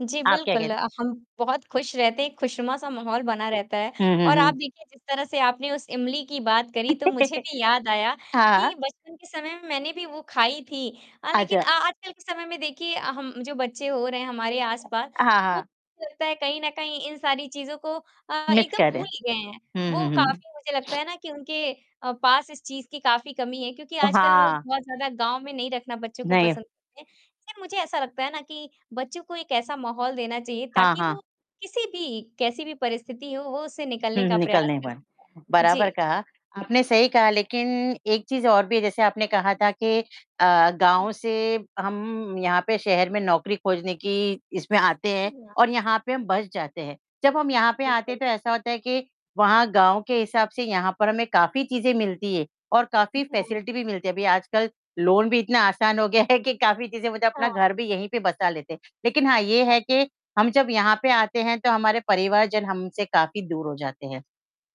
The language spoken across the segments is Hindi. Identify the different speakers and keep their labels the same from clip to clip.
Speaker 1: जी,
Speaker 2: आप क्या
Speaker 1: बिल्कुल
Speaker 2: कहते
Speaker 1: अ, हम बहुत खुश रहते हैं एक खुशनुमा-सा माहौल बना रहता है
Speaker 2: हुँ, हुँ,
Speaker 1: और आप
Speaker 2: हुँ।
Speaker 1: देखिए जिस तरह से आपने उस इमली की बात करी तो मुझे भी याद आया
Speaker 2: हाँ।
Speaker 1: कि बचपन के समय में मैंने भी वो खाई थी अ, लेकिन
Speaker 2: अच्छा।
Speaker 1: अ, आजकल के समय में देखिए अ, हम जो बच्चे हो रहे हैं हमारे
Speaker 2: अ,
Speaker 1: आसपास
Speaker 2: हाँ,
Speaker 1: वो
Speaker 2: हाँ।
Speaker 1: लगता है कहीं न कहीं इन सारी चीज़ों को अ,
Speaker 2: मिस
Speaker 1: एकदम
Speaker 2: करें।
Speaker 1: भूल गए हैं।
Speaker 2: हुँ, हुँ,
Speaker 1: वो
Speaker 2: हुँ।
Speaker 1: काफ़ी मुझे लगता है ना कि उनके अ, पास इस चीज़ की काफ़ी कमी है क्योंकि
Speaker 2: अ,
Speaker 1: आजकल लोग
Speaker 2: हाँ।
Speaker 1: बहुत ज़्यादा गाँव में नहीं रखना बच्चों को
Speaker 2: नहीं।
Speaker 1: पसंद करते है, लेकिन मुझे ऐसा लगता है ना कि बच्चों को एक ऐसा माहौल देना चाहिए
Speaker 2: हाँ,
Speaker 1: ताकि वो
Speaker 2: हाँ।
Speaker 1: किसी भी, कैसी भी परिस्थिति हो वो उससे निकलने
Speaker 2: हुँ,
Speaker 1: का
Speaker 2: हुँ, निकल
Speaker 1: प्रयास
Speaker 2: नहीं
Speaker 1: कर
Speaker 2: पाए,
Speaker 1: सकें।
Speaker 2: बराबर
Speaker 1: जी।
Speaker 2: कहा। आपने सही कहा लेकिन एक चीज़ और भी जैसे आपने कहा था कि अ, गाँव से हम यहाँ पे शहर में नौकरी खोजने की इसमें आते हैं
Speaker 1: [unintelligible]
Speaker 2: और यहाँ पे हम बस जाते हैं। जब हम यहाँ पे आते हैं
Speaker 1: बिल्कुल।
Speaker 2: तो ऐसा होता है कि वहाँ गाँव के हिसाब से यहाँ पर हमें काफ़ी चीज़ें मिलती हैं और
Speaker 1: जी
Speaker 2: काफ़ी
Speaker 1: हाँ।
Speaker 2: फ़ेसिलिटी भी मिलती है। अभी आजकल लोन भी इतना आसान हो गया है कि काफ़ी चीज़ें वो जो अपना
Speaker 1: हाँ।
Speaker 2: घर भी यहीं पे बसा लेते हैं। लेकिन हाँ, ये
Speaker 1: हाँ।
Speaker 2: है कि हम जब यहाँ पे आते हैं तो हमारे परिवार जन हमसे काफ़ी दूर हो जाते हैं।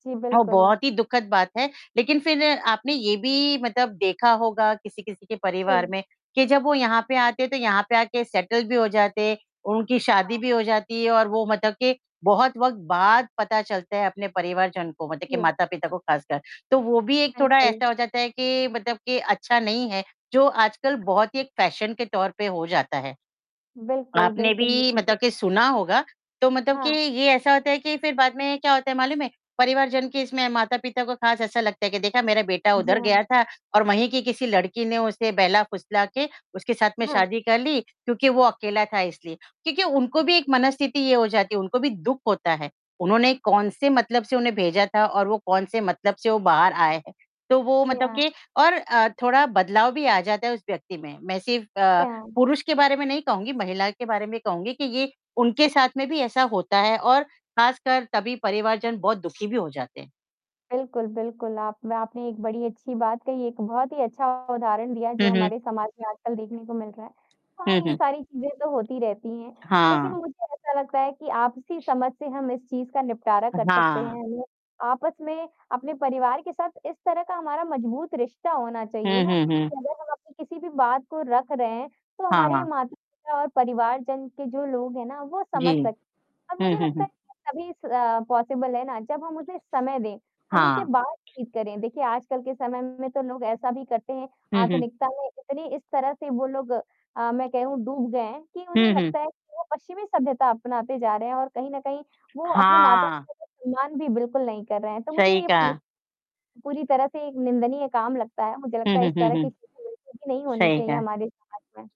Speaker 1: जी,
Speaker 2: ओह,
Speaker 1: बिल्कुल।
Speaker 2: बहुत ही दुखद बात है, लेकिन फिर आपने ये भी मतलब देखा होगा किसी-किसी के परिवार
Speaker 1: जी।
Speaker 2: में, कि जब वो यहाँ पे आते थे यहाँ पे आके सेटल भी हो जाते उनकी शादी
Speaker 1: हाँ।
Speaker 2: भी हो जाती है और वो मतलब के बहुत वक़्त बाद पता चलता है अपने परिवारजन को मतलब के
Speaker 1: जी।
Speaker 2: माता-पिता को ख़ासकर। तो वो भी एक थोड़ा
Speaker 1: बिल्कुल।
Speaker 2: ऐसा हो जाता है कि मतलब के अच्छा नहीं है, जो आजकल बहुत ही एक फ़ैशन के तौर पे हो जाता है।
Speaker 1: बिल्कुल,
Speaker 2: आपने
Speaker 1: बिल्कुल।
Speaker 2: भी
Speaker 1: मुझे भी
Speaker 2: मतलब के सुना होगा। तो मतलब कि
Speaker 1: हाँ।
Speaker 2: ये ऐसा होता है कि फिर बाद में क्या होता है मालूम है? परिवारजन के इसमें माता-पिता को खास ऐसा लगता है कि देखा मेरा बेटा
Speaker 1: जी
Speaker 2: उधर
Speaker 1: हाँ।
Speaker 2: गया था और वहीं की किसी लड़की ने उसे बहला-फुसला के उसके साथ में
Speaker 1: हाँ।
Speaker 2: शादी कर ली, क्योंकि वो अकेला था इसलिए। क्योंकि उनको भी एक मनस्थिति ये हो जाती है उनको भी दुःख होता है, उन्होंने कौन से मतलब से उन्हें भेजा था और वो कौन से मतलब से वो बाहर आए हैं। तो वो
Speaker 1: जी
Speaker 2: मतलब
Speaker 1: हाँ।
Speaker 2: के और अ, थोड़ा बदलाव भी आ जाता है उस व्यक्ति में, मैं सिर्फ
Speaker 1: जी
Speaker 2: अ,
Speaker 1: हाँ।
Speaker 2: पुरुष के बारे में नहीं कहूँगी महिला के बारे में कहूँगी कि ये उनके
Speaker 1: अच्छा।
Speaker 2: साथ में भी ऐसा होता है और ख़ासकर तभी परिवारजन बहुत दुखी भी हो जाते हैं।
Speaker 1: बिल्कुल, बिल्कुल, आप न आपने एक बड़ी अच्छी बात कही, एक बहुत ही अच्छा उदाहरण दिया
Speaker 2: हुँ,
Speaker 1: जो
Speaker 2: हुँ।
Speaker 1: हमारे समाज में आजकल देखने को मिल रहा है। हाँ,
Speaker 2: हुँ,
Speaker 1: ये
Speaker 2: हुँ।
Speaker 1: सारी चीज़ें तो होती रहती हैं, लेकिन
Speaker 2: हाँ।
Speaker 1: मुझे ऐसा लगता है कि आपसी समझ से हम इस चीज़ का निपटारा
Speaker 2: अ,
Speaker 1: कर सकते
Speaker 2: हाँ।
Speaker 1: हैं हम ल आपस में अपने परिवार के साथ इस तरह का हमारा मज़बूत रिश्ता होना चाहिए
Speaker 2: हुँ,
Speaker 1: ना,
Speaker 2: हुँ, हुँ।
Speaker 1: कि अगर हम अपनी किसी भी बात को रख रहे हैं, तो
Speaker 2: हाँ,
Speaker 1: हमारे
Speaker 2: हाँ।
Speaker 1: माता-पिता और परिवार जन के जो लोग हैं ना वो
Speaker 2: जी।
Speaker 1: समझ सकें अब
Speaker 2: हुँ,
Speaker 1: मुझे
Speaker 2: हुँ,
Speaker 1: लगता
Speaker 2: हुँ।
Speaker 1: है तभी स पॉसिबल है ना, जब हम उसे समय दें, हम उनसे
Speaker 2: हाँ।
Speaker 1: बातचीत करें। देखिए आजकल के समय में तो लोग ऐसा भी करते हैं,
Speaker 2: हुँ, हुँ।
Speaker 1: आधुनिकता में इतनी इस तरह से वो लोग अ, मैं कहूँ डूब गए हैं कि उन्हें
Speaker 2: हुँ, हुँ।
Speaker 1: लगता है कि वो पश्चिमी सभ्यता अपनाते जा रहे हैं और कहीं न कहीं वो अपने
Speaker 2: हाँ।
Speaker 1: मातृभाषा से मान भी बिल्कुल नहीं कर रहे हैं। तो मुझे
Speaker 2: सही
Speaker 1: ये पूछ
Speaker 2: कहा।
Speaker 1: पूरी तरह से एक निंदनीय काम लगता है, मुझे
Speaker 2: हुँ,
Speaker 1: लगता है
Speaker 2: हुँ,
Speaker 1: इस
Speaker 2: हुँ,
Speaker 1: तरह की
Speaker 2: हुँ।
Speaker 1: चीज़ें बिल्कुल भी नहीं होनी
Speaker 2: सही
Speaker 1: चाहिए
Speaker 2: कहा।
Speaker 1: हमारे समाज में।